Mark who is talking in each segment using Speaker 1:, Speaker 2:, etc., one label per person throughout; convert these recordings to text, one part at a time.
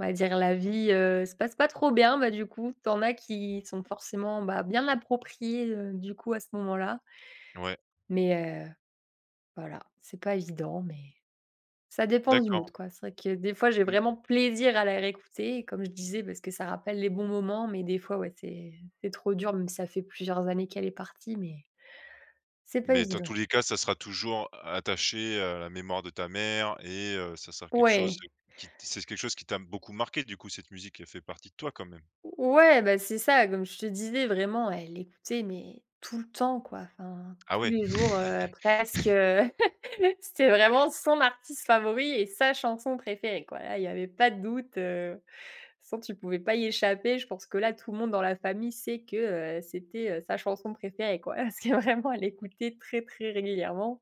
Speaker 1: On va dire la vie, heu, se passe pas trop bien. Bah, du coup, tu en as qui sont forcément, bah, bien appropriées, heu, du coup, à ce moment là
Speaker 2: Ouais.
Speaker 1: mais heu, voilà, c'est pas évident, mais, ça dépend du mood,
Speaker 2: D'accord.
Speaker 1: quoi. C'est vrai que des fois, j'ai
Speaker 2: Mmh.
Speaker 1: vraiment plaisir à la réécouter, comme je disais, parce que ça rappelle les bons moments. Mais des fois, ouais, c'est c'est trop dur, mais ça fait plusieurs années qu'elle est partie, mais c'est pas
Speaker 2: Mais dans tous
Speaker 1: évident.
Speaker 2: les cas, ça sera toujours attaché, heu, à la mémoire de ta mère et heu, ça sera quelque chose
Speaker 1: Ouais.
Speaker 2: qui t c'est quelque chose qui t'a beaucoup marquée, du coup, cette musique, elle fait partie de toi quand même?
Speaker 1: Ou ouais, bah, c'est ça. Comme je te disais vraiment, elle écoutait, mais tout le temps, quoi, enfin.
Speaker 2: Ah
Speaker 1: Tous
Speaker 2: ouais.
Speaker 1: les jours, heu, presque, heu. C'était vraiment son artiste favori et sa chanson préférée, quoi. Là, il y avait pas de doute, heu, de toute façon, tu pouvais pas y échapper. Je pense que là, tout le monde dans la famille sait que, heu, c'était, heu, sa chanson préférée, quoi. Parce que vraiment, elle écoutait très, très régulièrement.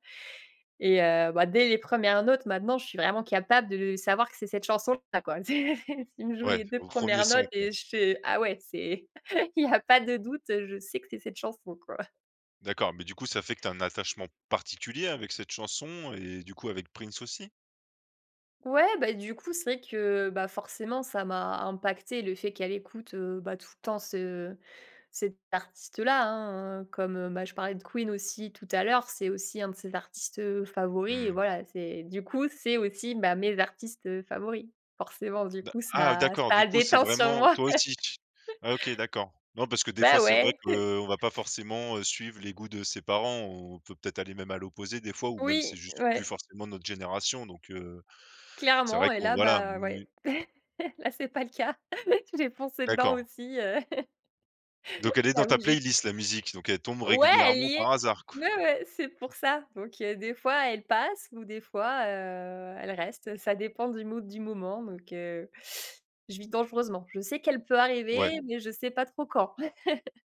Speaker 1: Et heu, bah, dès les 1res notes maintenant, je suis vraiment capable de savoir que c'est cette chanson là, quoi. C'est c'est si tu me joues
Speaker 2: Ouais,
Speaker 1: les 2
Speaker 2: au 1er
Speaker 1: premières
Speaker 2: son,
Speaker 1: notes
Speaker 2: quoi.
Speaker 1: et je fais: «Ah ouais, c'est» il y a pas de doute, heu, je sais que c'est cette chanson, quoi.
Speaker 2: D'accord, mais du coup, ça fait que tu as un attachement particulier avec cette chanson et du coup, avec Prince aussi?
Speaker 1: Ouais, bah, du coup, c'est vrai que, bah, forcément, ça m'a impacté le fait qu'elle écoute, heu, bah, tout le temps ce cet artiste là, hein. Comme, heu, bah, je parlais de Queen aussi tout à l'heure, c'est aussi un de ses artistes, heu, favoris.
Speaker 2: Mmh.
Speaker 1: Voilà, c'est du coup, c'est aussi, bah, mes artistes, heu, favoris. Forcément, du
Speaker 2: D'a
Speaker 1: coup,
Speaker 2: ah,
Speaker 1: ça
Speaker 2: d'accord,
Speaker 1: ça
Speaker 2: du
Speaker 1: a
Speaker 2: coup, c'est
Speaker 1: déteint sur
Speaker 2: vraiment
Speaker 1: moi.
Speaker 2: toi aussi. OK d'accord. Non, parce que, des fois,
Speaker 1: Bah,
Speaker 2: c'est
Speaker 1: ouais.
Speaker 2: vrai qu'on va pas forcément, heu, suivre les goûts de ses parents, on peut peut-être aller même à l'opposé, des fois, ou même, c'est
Speaker 1: Oui,
Speaker 2: juste plus
Speaker 1: ouais.
Speaker 2: forcément notre génération donc heu, c'est vrai
Speaker 1: Clairement et
Speaker 2: qu'on
Speaker 1: là,
Speaker 2: voilà. Mmh,
Speaker 1: bah,
Speaker 2: n
Speaker 1: ouais,
Speaker 2: oui.
Speaker 1: là c'est pas le cas. J'ai foncé dedans aussi,
Speaker 2: D'accord.
Speaker 1: aussi, heu,
Speaker 2: Donc elle est dans
Speaker 1: j'avoue
Speaker 2: ta
Speaker 1: que j'ai
Speaker 2: playlist la musique, donc elle tombe
Speaker 1: ouais, elle
Speaker 2: régulièrement
Speaker 1: y est,
Speaker 2: par hasard qu
Speaker 1: ouais, ouais, c'est pour ça. Donc heu, des fois, elle passe ou des fois, heu, elle reste, ça dépend du mood du moment donc heu, je vis dangereusement. Je sais qu'elle peut
Speaker 2: Ouais.
Speaker 1: arriver mais je sais pas trop quand.